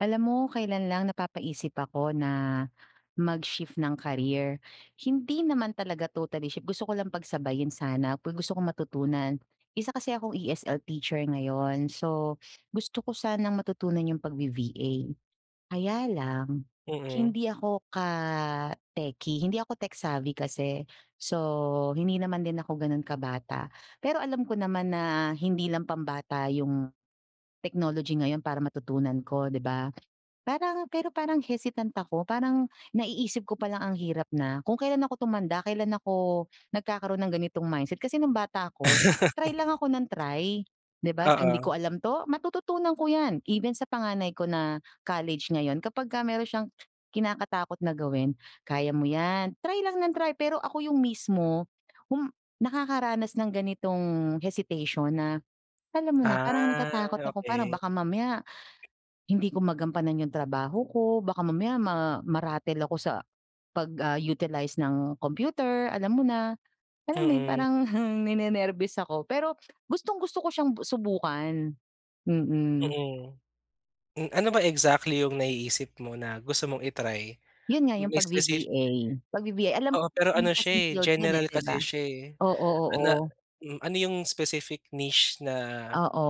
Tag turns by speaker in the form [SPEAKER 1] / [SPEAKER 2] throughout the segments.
[SPEAKER 1] Alam mo kailan lang napapaisip ako na mag-shift ng career. Hindi naman talaga totally shift gusto ko lang pagsabayin sana, ku gusto kong matutunan. Isa kasi akong ESL teacher ngayon, so gusto ko sanang matutunan yung pag-V-VA, kaya lang
[SPEAKER 2] Mm.
[SPEAKER 1] hindi ako ka techie hindi ako tech-savy kasi, so, hindi naman din ako ganun kabata. Pero alam ko naman na hindi lang pambata yung technology ngayon para matutunan ko, 'di ba? Parang pero parang hesitant ako, parang naiisip ko pa lang ang hirap na, kung kailan ako tumanda kailan ako nagkakaroon ng ganitong mindset. Kasi nung bata ako try lang ako ng try, 'di ba, so hindi ko
[SPEAKER 2] Oo.
[SPEAKER 1] alam 'to matututunan ko 'yan even sa panganay ko na college ngayon kapagka meron siyang kinakatakot na gawin, kaya mo 'yan try lang ng try pero ako yung mismo hum nakakaranas nang ganitong hesitation na, alam mo na parang
[SPEAKER 2] Ah
[SPEAKER 1] natatakot ako parang
[SPEAKER 2] okey.
[SPEAKER 1] baka mamaya, hindi ko magampanan yung trabaho ko, baka mamaya ma ma-rattle ako sa pag, ah, utilize ng computer alam mo na, alam mo yung
[SPEAKER 2] Mm.
[SPEAKER 1] parang heng ninenerbyos ako pero gustong-gusto ko siyang bu subukan, mm.
[SPEAKER 2] Mm. M ano ba exactly yung naiisip mo na gusto mong i-try?
[SPEAKER 1] Yun nga yung
[SPEAKER 2] May specif
[SPEAKER 1] pag-V-VA, pag-V-VA, alam ko
[SPEAKER 2] Oo, pero
[SPEAKER 1] marami
[SPEAKER 2] ano
[SPEAKER 1] kasing
[SPEAKER 2] siya eh
[SPEAKER 1] field 'yan eh,
[SPEAKER 2] general
[SPEAKER 1] 'di ba?
[SPEAKER 2] kasi siya eh,
[SPEAKER 1] Oo,
[SPEAKER 2] na
[SPEAKER 1] oo.
[SPEAKER 2] mm ano yung specific niche na
[SPEAKER 1] Oo.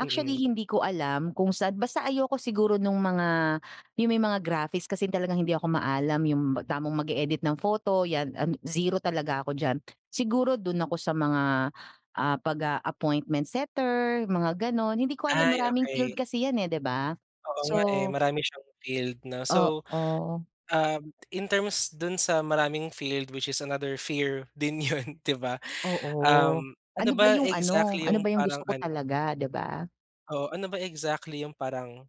[SPEAKER 2] Mm.
[SPEAKER 1] hindi ko alam kung saan, basta ayoko siguro nung mga, yung may mga graphics kasi talagang hindi ako maalam yung tamang mag-e-edit ng photo 'yan an zero talaga ako diyan. Siguro dun ako sa mga ah, pag ah, appointment setter, mga ganon hindi ko alam
[SPEAKER 2] Ay
[SPEAKER 1] maraming
[SPEAKER 2] okey.
[SPEAKER 1] field kasi 'yan eh, 'di ba?
[SPEAKER 2] Oo nga eh,
[SPEAKER 1] So
[SPEAKER 2] marami siyang field no. So,
[SPEAKER 1] Oo.
[SPEAKER 2] um in terms dun sa maraming field which is another fear din yun, 'di ba?
[SPEAKER 1] Oo,
[SPEAKER 2] Um, ano
[SPEAKER 1] ano ba
[SPEAKER 2] ba
[SPEAKER 1] yung ano,
[SPEAKER 2] exactly
[SPEAKER 1] ano
[SPEAKER 2] yung
[SPEAKER 1] ba yung
[SPEAKER 2] parang
[SPEAKER 1] gusto ko
[SPEAKER 2] ano
[SPEAKER 1] talaga, 'di ba?
[SPEAKER 2] Oo. Ano ba exactly yung parang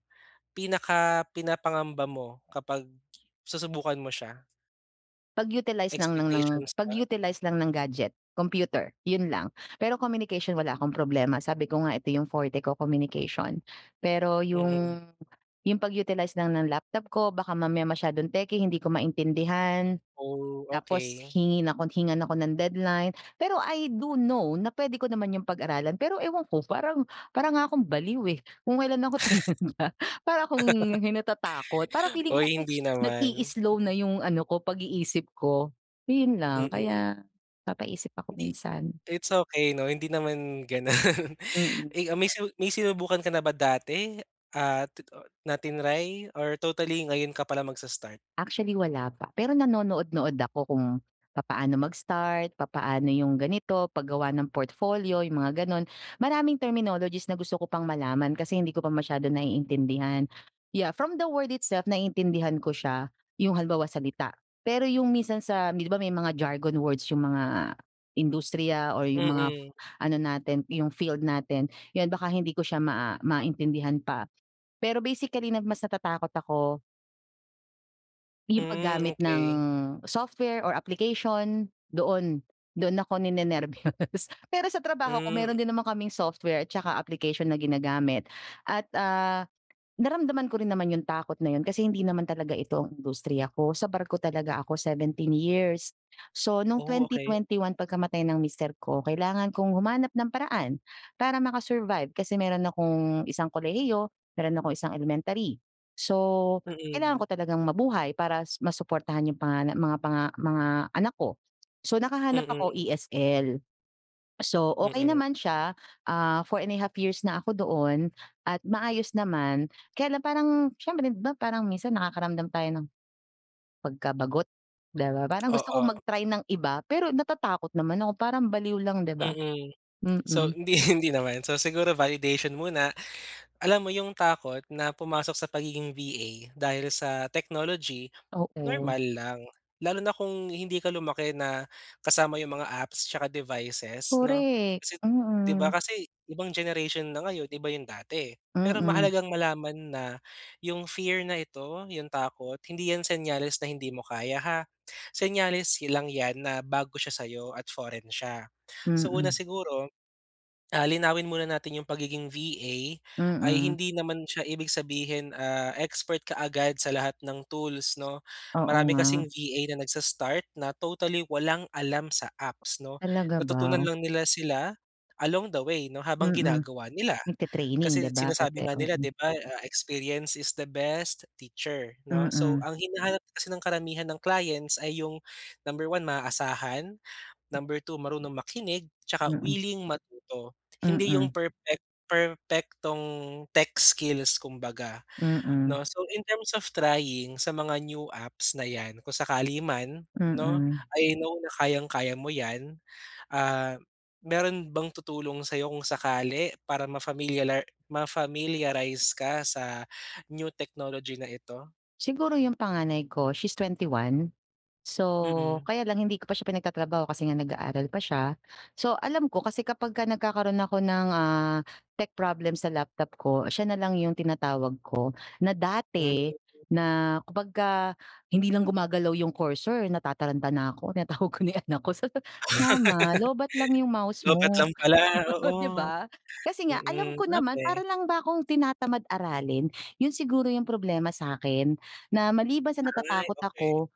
[SPEAKER 2] pinakapinapangamba mo kapag susubukan mo siya?
[SPEAKER 1] Pag-utilize ng ng ng
[SPEAKER 2] Expectations ba?
[SPEAKER 1] pag-utilize lang ng gadget, computer, yun lang. Pero communication wala akong problema. Sabi ko nga, ito yung forte ko, communication. Pero
[SPEAKER 2] Mm.
[SPEAKER 1] yung yung pag-utilize lang ng laptop ko, baka mamaya masyadong techy, hindi ko maintindihan,
[SPEAKER 2] Oh,
[SPEAKER 1] tapos
[SPEAKER 2] okey.
[SPEAKER 1] hingin ako hingan ako ng deadline. Pero I do know na puwede ko naman yung pag-aralan, pero ewan ko, parang para nga akong baliw eh. Kung kailan ako tumanda, para akong hi natatakot. Parang feeling ko
[SPEAKER 2] Oy,
[SPEAKER 1] kasi
[SPEAKER 2] hindi naman.
[SPEAKER 1] nag-i-slow
[SPEAKER 2] Mm.
[SPEAKER 1] na yung ano ko, pag-iisip ko, yun lang.
[SPEAKER 2] Mm.
[SPEAKER 1] Kaya, papaisip ako
[SPEAKER 2] Hindi
[SPEAKER 1] minsan.
[SPEAKER 2] it's okey 'no, hindi naman ganun.
[SPEAKER 1] Mm.
[SPEAKER 2] Eh, ah, may su may sinubukan ka na ba dati at ti ah, na tinry? Or totally ngayon ka palang magsa-start?
[SPEAKER 1] Actually, wala pa. Pero nanonood-nood ako kung papaano mag-start, papaano yung ganito, paggawa ng portfolio, yung mga gano'n. Maraming terminologies na gusto ko pang malaman kasi hindi ko pa masyado naiintindihan. Yeah, from the word itself, naiintindihan ko siya, yung halimbawa, salita. Pero yung minsan sa 'di ba may mga jargon words yung mga industriya or yung mga
[SPEAKER 2] Mm.
[SPEAKER 1] ano natin, yung field natin, yun, baka hindi ko siya ma ah, maintindihan pa. Pero basically na mas natatakot ako 'Yong
[SPEAKER 2] Hmm,
[SPEAKER 1] paggamit ng
[SPEAKER 2] okey.
[SPEAKER 1] software or application doon, doon ako ninenerbyos. Pero sa trabaho ko meron
[SPEAKER 2] Mm
[SPEAKER 1] din naman kaming software at saka application na ginagamit at, ah, naramdaman ko rin naman 'yong takot na 'yon, kasi hindi naman talaga ito ang industriya ko, sa barko talaga ako 17 years. So, no'ng
[SPEAKER 2] Oh,
[SPEAKER 1] twenty
[SPEAKER 2] okay.
[SPEAKER 1] twenty one pagkamatay ng mister ko kailangan kong humanap ng paraan para maka-survive, kasi meron akong isang kolehiyo, meron akong isang elementary. So, kailangan
[SPEAKER 2] Mm.
[SPEAKER 1] ko talagang mabuhay para s masuportahan 'yong pangana mga panga mga anak ko. So, nakahanap ako
[SPEAKER 2] Mm.
[SPEAKER 1] ESL, so, okay
[SPEAKER 2] Mm.
[SPEAKER 1] naman siya, ah, 4½ years na ako doon at maayos naman. Kaya lang parang siyempre, 'di ba, parang minsan nakakaramdam tayo ng, pagka-bagot, 'di ba? Parang gusto kong
[SPEAKER 2] Oo.
[SPEAKER 1] mag-try ng iba, pero natatakot naman ako. Parang baliw lang, 'di ba?
[SPEAKER 2] Mm. So,
[SPEAKER 1] Mm.
[SPEAKER 2] hindi hindi naman, so siguro by audition muna, alam mo 'yong takot na pumasok sa pagiging VA dahil sa technology,
[SPEAKER 1] Oo.
[SPEAKER 2] normal lang. Lalo na kung hindi ka lumaki na kasama 'yong mga apps, 'tsaka devices, 'no,
[SPEAKER 1] Correct.
[SPEAKER 2] kasi 'di ba,
[SPEAKER 1] Mm.
[SPEAKER 2] kasi ibang generation na ngayon, iba 'yong dati. Pero
[SPEAKER 1] Mm.
[SPEAKER 2] mahalagang malaman na 'yong fear na ito, 'yong takot, hindi 'yan senyales na hindi mo kaya, ha? Senyales hi lang 'yan na bago siya sa'yo at foreign siya. Sa una
[SPEAKER 1] Mm.
[SPEAKER 2] siguro, ah, linawin muna natin 'yong pagiging VA ay
[SPEAKER 1] Mm.
[SPEAKER 2] hindi naman siya ibig sabihin, ah, expert kaagad sa lahat ng tools, 'no.
[SPEAKER 1] Oo
[SPEAKER 2] Marami kasing
[SPEAKER 1] nga.
[SPEAKER 2] VA na nagsa-start na totally walang alam sa apps, 'no,
[SPEAKER 1] Talaga
[SPEAKER 2] natutunan
[SPEAKER 1] ba?
[SPEAKER 2] lang nila sila along the way, 'no, habang
[SPEAKER 1] Mm.
[SPEAKER 2] ginagawa nila.
[SPEAKER 1] Nagte-training,
[SPEAKER 2] Kasi
[SPEAKER 1] 'di ba,
[SPEAKER 2] sinasabi
[SPEAKER 1] pati
[SPEAKER 2] nga nila,
[SPEAKER 1] mm.
[SPEAKER 2] 'di ba, ah, "Experience is the best teacher," 'no. So,
[SPEAKER 1] Mm.
[SPEAKER 2] ang hinahanap kasi ng karamihan ng clients ay 'yong, number 1, maaasahan,
[SPEAKER 1] M
[SPEAKER 2] number 2, marunong makinig, 'tsaka
[SPEAKER 1] Mm.
[SPEAKER 2] willing matuto. Hindi 'yong
[SPEAKER 1] Mm.
[SPEAKER 2] perpek perpektong tech skills kumbaga,
[SPEAKER 1] Mm.
[SPEAKER 2] 'no. So, in terms of trying sa mga new apps na 'yan, kung sakali man, 'no,
[SPEAKER 1] Mm.
[SPEAKER 2] I know na kayang-kaya mo 'yan. Ah, meron bang tutulong sayo kung sakali para mafamilialar ma-familiarize ka sa new technology na ito?
[SPEAKER 1] Siguro yung panganay ko, she's 21, so,
[SPEAKER 2] Mm.
[SPEAKER 1] kaya lang hindi ko pa siya pinagtatrabaho kasi nga nag-aaral pa siya. So, alam ko kasi kapagka nagkakaroon ako ng, ah, tech problem sa laptop ko, siya nalang yung tinatawag ko, na
[SPEAKER 2] Hmm.
[SPEAKER 1] dati na kapagka hindi lang gumagalaw yung cursor natataranta na ako tinatawag ko na yung anak ko, sa [unintelligible] "Mama, lowbat lang yung mouse
[SPEAKER 2] Lowbat
[SPEAKER 1] mo,"
[SPEAKER 2] lang pala,
[SPEAKER 1] di
[SPEAKER 2] oo,
[SPEAKER 1] ba? Kasi nga alam
[SPEAKER 2] mm.
[SPEAKER 1] ko naman,
[SPEAKER 2] Okey.
[SPEAKER 1] para lang ba akong tinatamad aralin. Yun siguro yung problema sa'kin, na maliban sa
[SPEAKER 2] Ay,
[SPEAKER 1] natatakot
[SPEAKER 2] okey.
[SPEAKER 1] ako,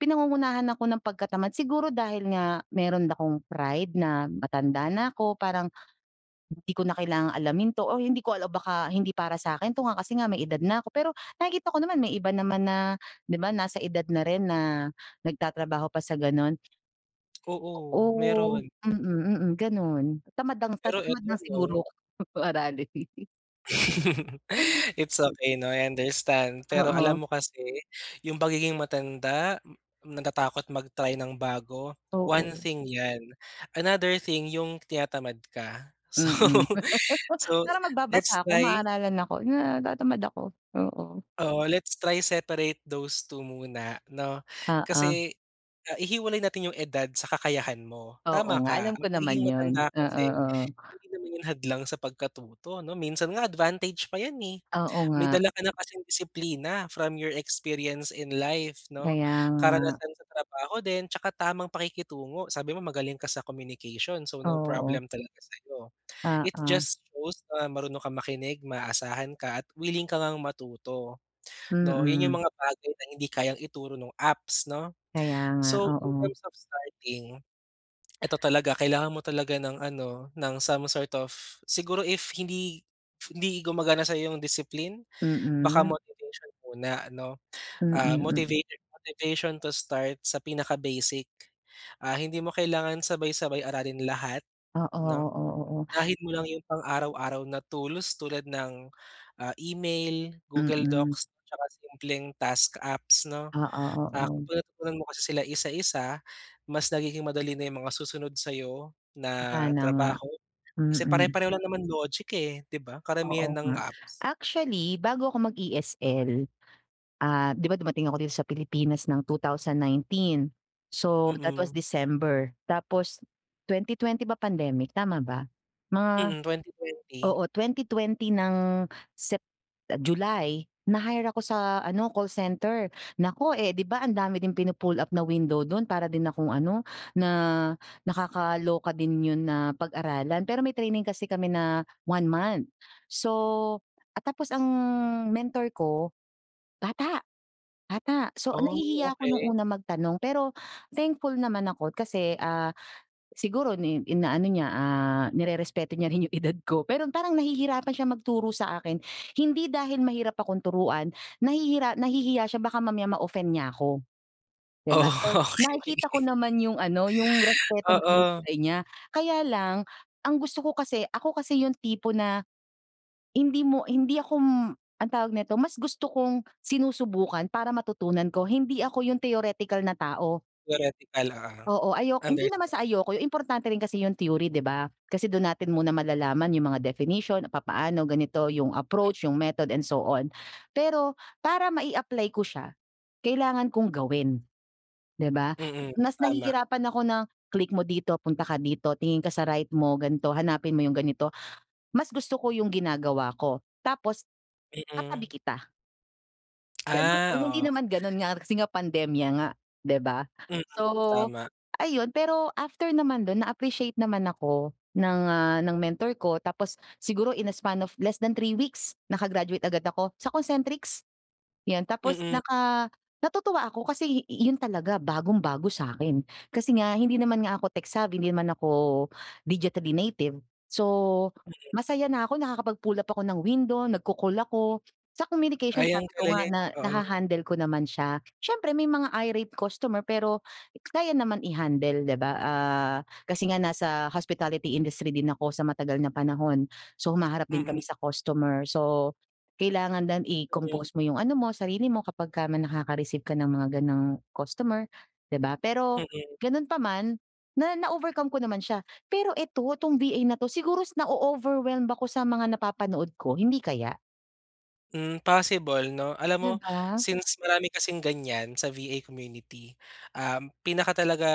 [SPEAKER 1] pinagungunahan ako ng pagkatamad. Siguro dahil nga meron akong pride na matanda na ako, parang hindi ko na kailangang alamin 'to, o hindi ko alam, baka hindi para sa'kin 'to nga, kasi nga may edad na ako. Pero nakikita ko naman may iba naman na, di ba, nasa edad na rin na nagtatrabaho pa sa gano'n.
[SPEAKER 2] Oo,
[SPEAKER 1] Oo.
[SPEAKER 2] meron.
[SPEAKER 1] Mm, mm, ganun. Tamad lang, ta
[SPEAKER 2] Pero
[SPEAKER 1] tamad
[SPEAKER 2] 'eto,
[SPEAKER 1] lang siguro
[SPEAKER 2] 'no?
[SPEAKER 1] ako aralin. Ano,
[SPEAKER 2] It's
[SPEAKER 1] 'pag
[SPEAKER 2] okay, 'no? I understand. Pero
[SPEAKER 1] Oo.
[SPEAKER 2] alam mo kasi yung pagiging matanda, natatakot mag-try ng bago, one
[SPEAKER 1] Oo.
[SPEAKER 2] thing yan, another thing yung tinatamad ka. So,
[SPEAKER 1] Mm.
[SPEAKER 2] so,
[SPEAKER 1] Parang
[SPEAKER 2] let's
[SPEAKER 1] magbabasa ako,
[SPEAKER 2] try
[SPEAKER 1] maaralan ako, yung, ah, natatamad ako. Oo.
[SPEAKER 2] oo, let's try separate those 2 muna, no?
[SPEAKER 1] Oo.
[SPEAKER 2] Kasi, ah, ihiwalay natin yung edad sa kakayahan mo.
[SPEAKER 1] Oo
[SPEAKER 2] Tama
[SPEAKER 1] nga.
[SPEAKER 2] ka,
[SPEAKER 1] Alam
[SPEAKER 2] ang
[SPEAKER 1] ko naman
[SPEAKER 2] pagiging
[SPEAKER 1] yun.
[SPEAKER 2] matanda
[SPEAKER 1] Oo.
[SPEAKER 2] kasi,
[SPEAKER 1] Oo.
[SPEAKER 2] hindi naman yun hadlang sa pagkatuto, ano? Minsan nga advantage pa yan, eh.
[SPEAKER 1] Oo
[SPEAKER 2] May
[SPEAKER 1] nga.
[SPEAKER 2] dala ka na kasing disiplina from your experience in life, 'no?
[SPEAKER 1] Kaya nga.
[SPEAKER 2] Karanasan sa trabaho din, tsaka tamang pakikitungo, sabi mo magaling ka sa communication. So, no
[SPEAKER 1] Oo.
[SPEAKER 2] problem talaga sa'yo. It
[SPEAKER 1] Oo.
[SPEAKER 2] just shows na marunong kang makinig, maaasahan ka, at willing ka ngang matuto, 'no? Yun yung
[SPEAKER 1] Mm.
[SPEAKER 2] mga bagay na hindi kayang ituro nung apps, 'no?
[SPEAKER 1] Kaya nga.
[SPEAKER 2] So, in
[SPEAKER 1] Oo.
[SPEAKER 2] terms of starting, eto talaga, kailangan mo talaga ng ano, ng some sort of siguro if hindi hindi gumagana sa iyo ang discipline, baka
[SPEAKER 1] Mm.
[SPEAKER 2] motivation muna, ano?
[SPEAKER 1] Mm.
[SPEAKER 2] Ah,
[SPEAKER 1] Mm.
[SPEAKER 2] motivated motivation to start sa pinaka-basic. Ah, hindi mo kailangan sabay-sabay aralin lahat,
[SPEAKER 1] Oo.
[SPEAKER 2] 'no?
[SPEAKER 1] Oo. Oo.
[SPEAKER 2] Unahin mo lang yung pang-araw-araw na tools, tulad ng, ah, email, Google
[SPEAKER 1] Mm.
[SPEAKER 2] Docs, tsaka simpleng task apps, 'no?
[SPEAKER 1] Oo.
[SPEAKER 2] Ah,
[SPEAKER 1] Oo.
[SPEAKER 2] kung natutunan mo kasi sila isa-isa, mas nagiging madali na yung mga susunod sa'yo na
[SPEAKER 1] Sana nga.
[SPEAKER 2] trabaho. Kasi
[SPEAKER 1] Mm.
[SPEAKER 2] pare-pareho lang naman logic, eh, 'di ba? Karamihan
[SPEAKER 1] Oo
[SPEAKER 2] ng
[SPEAKER 1] nga.
[SPEAKER 2] apps.
[SPEAKER 1] Actually, bago ako mag-ESL, ah, di ba, dumating ako dito sa Pilipinas ng 2019? So, that was
[SPEAKER 2] Mm.
[SPEAKER 1] December. Tapos, 2020 ba pandemic? Tama ba? Mga
[SPEAKER 2] Mm, 2020.
[SPEAKER 1] oo, 2020 ng Sep July, na-hire ako sa ano, call center. Naku, eh 'di ba, ang dami din pinu-pull up na window do'n? Para din akong ano, na nakakaloka din 'yon na pag-aralan. Pero may training kasi kami na 1 month. So, at tapos ang mentor ko, bata, bata. So,
[SPEAKER 2] Oh,
[SPEAKER 1] nahihiya ako nung
[SPEAKER 2] okey.
[SPEAKER 1] una magtanong, pero thankful naman ako kasi, ah, siguro ni inaano niya, ah, nirerespeto niya rin yung edad ko, pero parang nahihirapan siyang magturo sa akin. Hindi dahil mahirap akong turuan, nahihira nahihiya siya baka mamaya ma-offend niya ako, di
[SPEAKER 2] Oo,
[SPEAKER 1] ba? So,
[SPEAKER 2] okey.
[SPEAKER 1] nakikita ko naman yung ano, yung respetong
[SPEAKER 2] Oo.
[SPEAKER 1] binibigay niya. Kaya lang, ang gusto ko kasi ako kasi yung tipo na hindi mo hindi ako m anong tawag nito, mas gusto kong sinusubukan, para matutunan ko. Hindi ako yung theoretical na tao.
[SPEAKER 2] Theoretical, oo,
[SPEAKER 1] Oo. Ayo hindi naman
[SPEAKER 2] understand.
[SPEAKER 1] sa ayoko, yung importante rin kasi yung theory, di ba? Kasi dun natin muna malalaman yung mga definition, papaano, ganito, yung
[SPEAKER 2] Mm.
[SPEAKER 1] approach, yung method, and so on. Pero para mai-apply ko siya, kailangan kong gawin, di ba?
[SPEAKER 2] Mm.
[SPEAKER 1] Mas
[SPEAKER 2] Tama.
[SPEAKER 1] nahihirapan ako na, "Click mo dito, punta ka dito, tingin ka sa right mo, ganito, hanapin mo yung ganito." Mas gusto ko yung ginagawa ko, tapos
[SPEAKER 2] Mm.
[SPEAKER 1] katabi kita. Ganun.
[SPEAKER 2] Ah,
[SPEAKER 1] Kung hindi
[SPEAKER 2] oo.
[SPEAKER 1] naman ganun nga kasi nga pandemya nga, 'di ba?
[SPEAKER 2] Mm,
[SPEAKER 1] So,
[SPEAKER 2] tama.
[SPEAKER 1] ayun. Pero after naman dun na-appreciate naman ako ng, ah, ng mentor ko tapos siguro in a span of less than 3 weeks naka-graduate agad ako sa Concentrix, yun. Tapos
[SPEAKER 2] Mm.
[SPEAKER 1] naka natutuwa ako kasi yu yun talaga bagong-bago sa'kin. Kasi nga hindi naman nga ako tech-savvy, hindi naman ako digitally native. So,
[SPEAKER 2] Mm.
[SPEAKER 1] masaya na ako nakakapag-pull up ako ng window, nagko-call ako. Sa communication
[SPEAKER 2] Ay, ang
[SPEAKER 1] sabi ko nga
[SPEAKER 2] galing,
[SPEAKER 1] na
[SPEAKER 2] oo.
[SPEAKER 1] naha-handle ko naman siya. Siyempre may mga irate customer, pero kaya naman i-handle, 'di ba, ah, kasi nga nasa hospitality industry din ako sa matagal na panahon. So, humaharap din
[SPEAKER 2] Mm.
[SPEAKER 1] kami sa customer. So, kailangan lang
[SPEAKER 2] Mm.
[SPEAKER 1] i-compose mo yung ano mo, sarili mo kapagka may nakaka-receive ka ng mga ganung customer, 'di ba? Pero
[SPEAKER 2] Mm.
[SPEAKER 1] ganun pa man, na na-overcome ko naman siya. Pero ito, 'tong VA na 'to siguro s na-o-overwhelmed ako sa mga napapanood ko, hindi kaya?
[SPEAKER 2] Hmm, possible 'no? Alam mo
[SPEAKER 1] 'Di ba?
[SPEAKER 2] since marami kasing ganyan sa VA community, um, pinaka talaga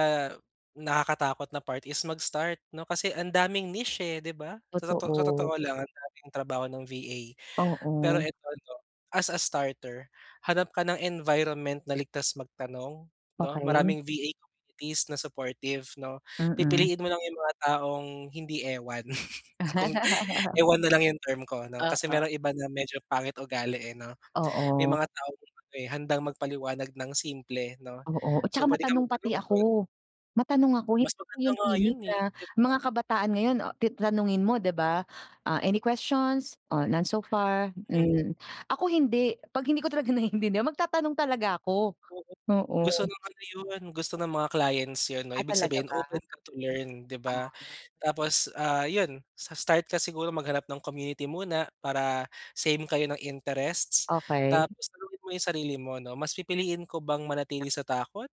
[SPEAKER 2] nakakatakot na part is mag-start 'no, kasi ang daming niche, eh, 'di ba? So, toto sa
[SPEAKER 1] Totoo.
[SPEAKER 2] totoo lang ang daming trabaho ng VA. Pero
[SPEAKER 1] Oo.
[SPEAKER 2] ito 'no, as a starter, hanap ka ng environment na ligtas magtanong 'no.
[SPEAKER 1] Okey.
[SPEAKER 2] Maraming VA communities na supportive 'no.
[SPEAKER 1] Mm.
[SPEAKER 2] Pipiliin mo lang yung mga taong hindi ewan. Kung ewan nalang yung term ko 'no, kasi
[SPEAKER 1] Oo.
[SPEAKER 2] merong iba na medyo pangit ugali, eh, 'no. May
[SPEAKER 1] Oo.
[SPEAKER 2] mga taong [unintelligible] handang magpaliwanag ng simple 'no.
[SPEAKER 1] Oo, at saka
[SPEAKER 2] So, pwede kang
[SPEAKER 1] matanong pati
[SPEAKER 2] magtanong dun.
[SPEAKER 1] ako. Matanong ako.
[SPEAKER 2] Mas
[SPEAKER 1] Hindi ako
[SPEAKER 2] maganda
[SPEAKER 1] yung
[SPEAKER 2] nga yun,
[SPEAKER 1] timid na
[SPEAKER 2] eh, 'di ba?
[SPEAKER 1] mga kabataan ngayon, ah, ti tanungin mo, 'di ba, "Ah, any questions? Oh, none so far,"
[SPEAKER 2] Hmm.
[SPEAKER 1] mm. Ako hindi. 'Pag hindi ko talaga naiintindihan magtatanong talaga ako,
[SPEAKER 2] Oo. Gusto
[SPEAKER 1] oo.
[SPEAKER 2] ng ano yun, gusto ng mga clients yun 'no,
[SPEAKER 1] Ah,
[SPEAKER 2] ibig
[SPEAKER 1] talaga
[SPEAKER 2] sabihin
[SPEAKER 1] ba?
[SPEAKER 2] open ka to learn, 'di ba?
[SPEAKER 1] Ah.
[SPEAKER 2] Tapos, ah, yun. Sa start ka siguro maghanap ng community muna para same kayo ng interests.
[SPEAKER 1] Okey.
[SPEAKER 2] Tapos tanungin mo yung sarili mo 'no, "Mas pipiliin ko bang manatili sa takot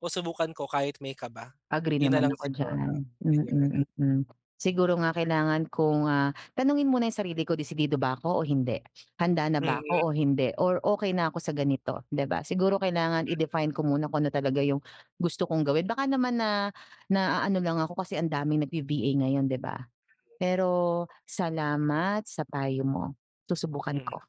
[SPEAKER 2] o subukan ko kahit may kaba?"
[SPEAKER 1] Agree
[SPEAKER 2] Yun
[SPEAKER 1] naman
[SPEAKER 2] nalang
[SPEAKER 1] ako
[SPEAKER 2] siguro,
[SPEAKER 1] diyan,
[SPEAKER 2] iyon.
[SPEAKER 1] mm, mm. Siguro nga kailangan kong, ah, tanungin muna yung sarili ko, "Desidido ba ako o hindi? Handa na ba
[SPEAKER 2] Mm.
[SPEAKER 1] ako o hindi? Or okey na ako sa ganito," 'di ba? Siguro kailangan
[SPEAKER 2] Mm.
[SPEAKER 1] i-define ko muna kung ano talaga yung gusto kong gawin. Baka naman na naano lang ako kasi ang daming nagbi-VA ngayon, 'di ba. Pero salamat sa payo mo, susubukan
[SPEAKER 2] Hmm.
[SPEAKER 1] ko.